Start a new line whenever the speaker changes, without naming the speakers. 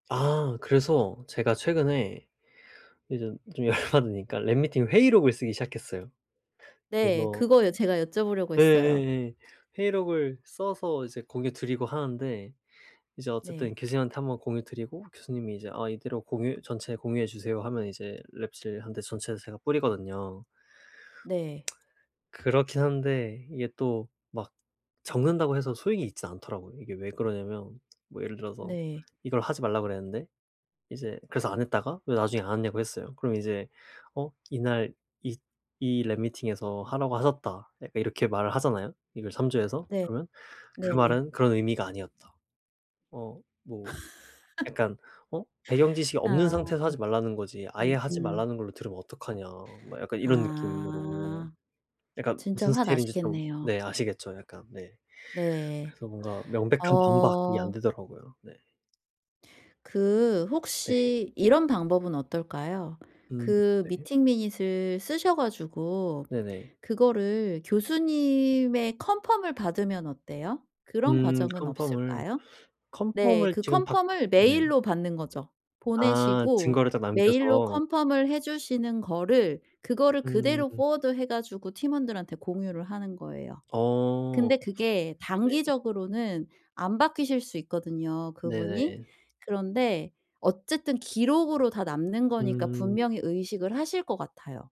아. 그래서 제가 최근에 이제 좀 열 받으니까 랩 미팅을 회의록을 쓰기 시작했어요.
네.
그래서
그거요. 제가 여쭤 보려고 했어요.
예예예 회의록을 써서 이제 공유 드리고 하는데 이제
네.
어쨌든 교수님한테 1 번 공유 드리고 교수님이 이제 "아 이대로 공유 전체 공유해 주세요." 하면 이제 랩실한테 전체를 제가 뿌리거든요.
네.
그렇긴 한데 이게 또 막 적는다고 해서 소용이 있지는 않더라고요. 이게 왜 그러냐면 뭐 예를 들어서
네.
이걸 하지 말라 그랬는데 이제 그래서 안 했다가 왜 나중에 안 했냐고 했어요. 그럼 이제 어 "이날 이 이 랩 미팅에서 하라고 하셨다." 약간 이렇게 말을 하잖아요 이걸 참조해서?
네.
그러면 "그
네네.
말은 그런 의미가 아니었다." 어 뭐 약간 "어 배경 지식이 없는
아.
상태에서 하지 말라는 거지 아예 하지
음음.
말라는 걸로 들으면 어떡하냐?" 막 약간 이런 느낌으로
아.
약간
진짜
무슨 스타일인지 좀
화나시겠네요.
네 아시겠죠 약간? 네.
네.
그래서 뭔가 명백한 반박이
어.
안되더라고요. 네.
그
네.
혹시 이런 방법은 어떨까요?
음.
그
네.
미팅 미닛을 쓰셔 가지고
네네.
그거를 교수님의 컨펌을 받으면 어때요? 그런
음.
과정은
컨펌을,
없을까요? 네.
컨펌을
그
지금 받
컨펌을
네.
메일로 받는 거죠.
아.
보내시고
증거를 딱
메일로
남겨서.
컨펌을 해 주시는 거를 그거를 그대로
음.
포워드 해 가지고 팀원들한테 공유를 하는 거예요.
어.
근데 그게
네.
단기적으로는 안 바뀌실 수 있거든요 그분이.
네네.
그런데 어쨌든 기록으로 다 남는 거니까
음.
분명히 의식을 하실 것 같아요.